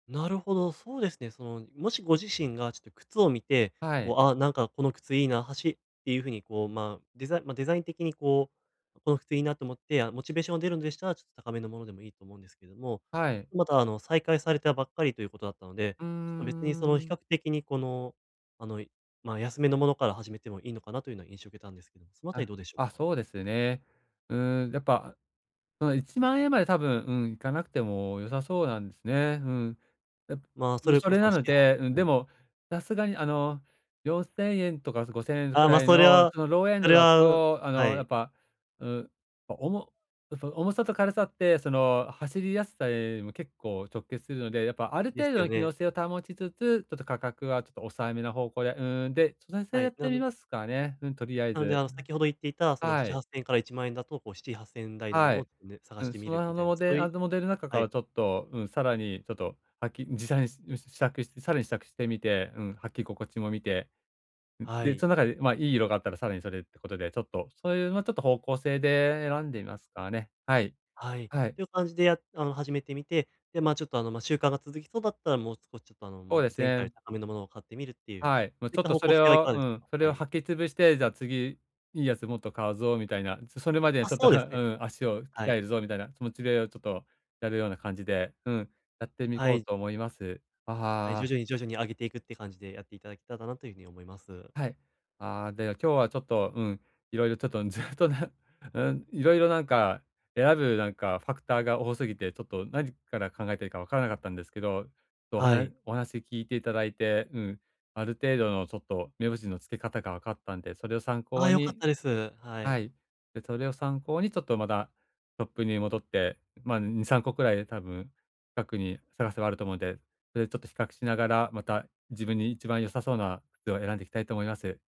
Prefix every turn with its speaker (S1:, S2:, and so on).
S1: なるほど、そうですね。その、もしご自身がちょっと靴を見て、
S2: はい。
S1: こう、あ、なんかこの靴いいな、はしっていう風にこう、ま、デザま、デザイン的にこう、この靴いいなと思って、あ、モチベーションが出るんでしたら、ちょっと高めのものでもいいと思うんですけども、
S2: はい。
S1: またあの、再開されたばっかりということだったので、
S2: う
S1: 別にそ
S2: ー
S1: の比
S2: ん。
S1: 較的にこの、あの、いまあ、安めのものから始めてもいいのかな？というな印象を受けたんですけども、そのあたり
S2: あ、
S1: どうでしょう
S2: あ、
S1: か？
S2: そうですね。うーん、やっぱ、その、10000円まで多分、うん、いかなくても良さそうなんすね、うん。やぱ、
S1: ま、そ
S2: う
S1: れ
S2: そ
S1: こ
S2: れ
S1: そ、
S2: な
S1: し
S2: の
S1: ち、は
S2: で、うん、
S1: う
S2: で
S1: い。
S2: もさすがに、あの、4000円とか、す5000円く
S1: あ、まあ、
S2: らい
S1: それ
S2: の、
S1: は
S2: その、ローエン
S1: そ
S2: ド
S1: れ
S2: だ
S1: は、う
S2: と、あ
S1: は
S2: の、や
S1: い。
S2: っぱ、うん、あ、おもその、重さと軽さってその、走りやすさにも結構直結するので、やっぱある
S1: です
S2: 程度
S1: よ
S2: の機能
S1: ね。
S2: 性を保ちつつ、ちょっと価格はちょっと抑えめな方向で、うーん、で、その線
S1: は
S2: やっ
S1: い、
S2: て
S1: あ
S2: み
S1: の
S2: ますかね、うん、とりあえ
S1: なので、
S2: ず。
S1: あ、先ほど言っていた、その、し
S2: は
S1: ちは
S2: い。
S1: っせんえんから10000円だと、こう、7、8000円台のも
S2: は
S1: の
S2: い。
S1: を、ね、探
S2: う
S1: し
S2: ん、
S1: て
S2: そ
S1: み
S2: の、
S1: る
S2: あ
S1: みた
S2: の、
S1: いな、
S2: モ
S1: そ
S2: デ
S1: う
S2: あ
S1: い
S2: の、モデル中
S1: は
S2: から
S1: い。
S2: ちょっと、うん、さらにちょっと、はきじさいすうん、試着して、さらに試着してみて、うん、履き心地も見て、ん、
S1: は
S2: で、
S1: い。
S2: その中で、ま、いい色があったらさらにそれってことで、ちょっと、そういう、ま、ちょっと方向性で選んでみますかね。はい、
S1: はい。
S2: はい。
S1: という感じでやあの、始めてみて、で、ま、ちょっとあの、ま、習慣が続きそうだったらもう少しちょっと、あの、
S2: そう
S1: もう
S2: です
S1: 前回よ
S2: ね。
S1: り高めのものを買ってみるっていう、そ
S2: はい、もう
S1: うい
S2: ち
S1: っ
S2: ょっ
S1: た
S2: と
S1: 方
S2: そ
S1: 向
S2: れ
S1: 性はい
S2: を
S1: かが
S2: う
S1: でし
S2: ん、
S1: ょか？
S2: それ
S1: は
S2: を
S1: い。
S2: 履きつぶして、じゃあ、次いいやつもっと買うぞみたいな。そそれまでに
S1: あ、
S2: ちょっと、
S1: そうで
S2: は
S1: すね。
S2: うん、足を鍛
S1: はい。
S2: えるぞみたいな気持ちで、よちょっとやるような感じで、うん、やってみ
S1: は
S2: こう
S1: い。
S2: と思います。あ、
S1: はい、
S2: は
S1: 徐
S2: あ。
S1: 々に徐々に上げていくって感じで、やっていただけたらなという風に思います。
S2: はい。ああ、では、今日はちょっと、うん、いろいろちょっと、ずっとね、うん、色々なんか、選ぶなんか、ファクターが多すぎて、ちょっと何から考えていいかわからなかったんですけど、と、おは
S1: は
S2: な
S1: い。
S2: お話し聞いていただいて、うん、ある程度のちょっと目星の付け方がわかったんで、それを参
S1: あ
S2: 考
S1: あ、良かっ
S2: に
S1: たです。は
S2: は
S1: い。
S2: い、で、それを参考にちょっとまだトップに戻って、ま、ん、2、3個くらいで多分、かくに、探せばあると思うんで、それでちょっと比較しながら、また、自分に一番良さそうな靴を選んでいきたいと思います。